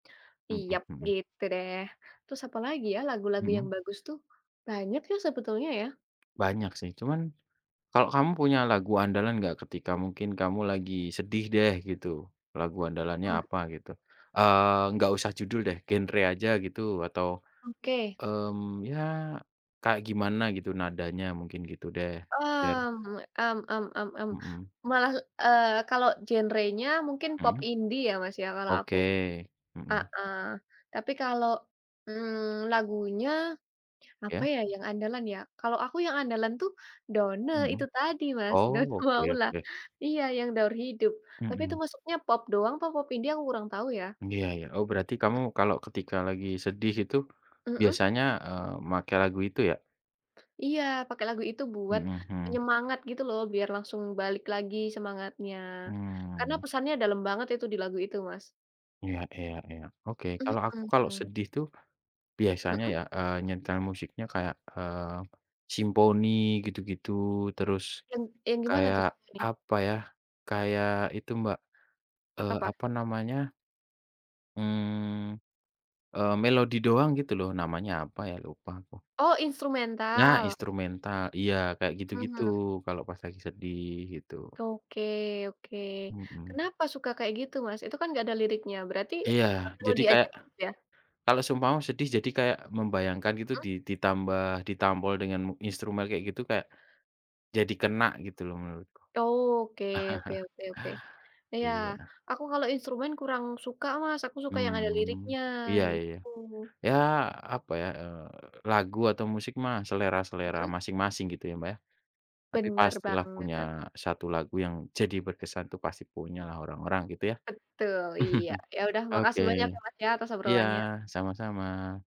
Mhm, Iyap mhm. gitu deh. Terus apalagi ya lagu-lagu yang Mhm. bagus tuh? Banyak ya sebetulnya ya. Banyak sih cuman kalau kamu punya lagu andalan enggak ketika mungkin kamu lagi sedih deh gitu, lagu andalannya Mmm. apa gitu? Eee, enggak usah judul deh, genre aja gitu atau, Oke. mmm, ya kayak gimana gitu nadanya? Mungkin gitu deh, biar Mmm, mmm mmm mmm mmm. Mhm. Malah, eee, kalau genre-nya mungkin pop Mhm. indie ya Mas ya kalau aku. Oke. Mhm. Heeh. Tapi kalau, mmm, lagunya apa Iya. ya yang andalan ya, kalau aku yang andalan tuh Donne Mhm. itu tadi Mas Oh, Donne oke Maula. oke. Iya yang Daur Hidup. Tapi itu Mhm. masuknya pop doang atau pop indie aku kurang tahu ya. Iya iya. Oh berarti kamu M kalau ketika lagi sedih itu Mhm. biasanya, eee, make lagu itu ya? Iya pakai lagu itu buat Mhm, hmm. penyemangat gitu loh, biar langsung balik lagi semangatnya. Karena Mmm. pesannya dalam banget itu di lagu itu, Mas. Iya iya iya. Oke. Kalau aku kalau Mhm. sedih itu biasanya, Mhm. eee, nyetel musiknya kayak, eee, simponi gitu-gitu terus Yang yang gimana kayak tuh ini? apa ya, kayak itu, Mbak, eee, Apa? apa namanya mmm, eee, melodi doang gitu loh, namanya apa ya, lupa aku. Oh, Nah, instrumental? instrumental, iya kayak gitu-gitu, Mmm. kalau pas lagi sedih gitu. Oke oke. Mhm. Kenapa suka kayak gitu, Mas? Itu kan enggak ada liriknya. Berarti Iya, jadi audio aja kayak [unintelligible] ya? kalau seumpama sedih, jadi kayak membayangkan gitu Mhm. di ditambah ditampol dengan instrumen kayak gitu kayak jadi kena gitu loh menurutku. Oke, oke oke oke. Iya, Iya. aku kalau instrumen kurang suka, Mas, aku suka yang ada Mmm. liriknya, Iya iya. gitu. Ya, apa ya, eee, lagu atau musik mah selera-selera Mhm. masing-masing gitu ya, Mbak, ya. Tapi Bener pastilah punya banget. 1 lagu yang jadi berkesan itu pasti punya lah orang-orang gitu ya. Betul, iya. Ya udah, Oke. makasih banyak ya, Mas, ya atas Iya, obrolannya. sama-sama.